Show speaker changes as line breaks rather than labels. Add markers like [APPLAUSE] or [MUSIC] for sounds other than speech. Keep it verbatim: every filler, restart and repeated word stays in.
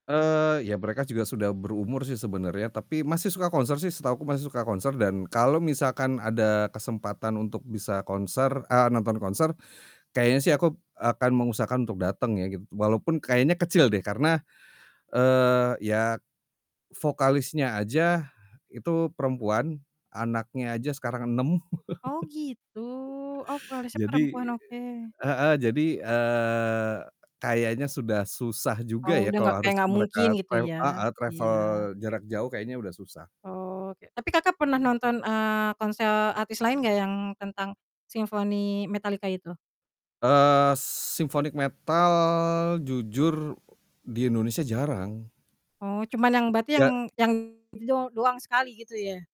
Eee, iya mereka juga sudah berumur sih sebenarnya, tapi masih suka konser sih setahuku masih suka konser dan kalau misalkan ada kesempatan untuk bisa konser ah, nonton konser, kayaknya sih aku b akan mengusahakan untuk dateng ya gitu walaupun kayaknya kecil deh karena, eee, ya vokalisnya aja itu perempuan, anaknya aja sekarang enam.
Oh,
[LAUGHS]
gitu. Oh vokalisnya
Jadi
perempuan. Oke.
heeh, jadi, eee, kayaknya sudah susah juga
Oh,
ya
udah
kalau
enggak kayak
harus
enggak
mereka
mungkin gitu
trav
ya?
heeh, travel
Iya.
jarak jauh kayaknya udah susah.
Oke, tapi Kakak pernah nonton, eee, konser artis lain gak yang tentang Symphony Metallica itu?
Eee, Symphony Metal jujur di Indonesia jarang.
Oh, cuman yang
M
berarti
ya
yang yang itu dong doang sekali gitu ya?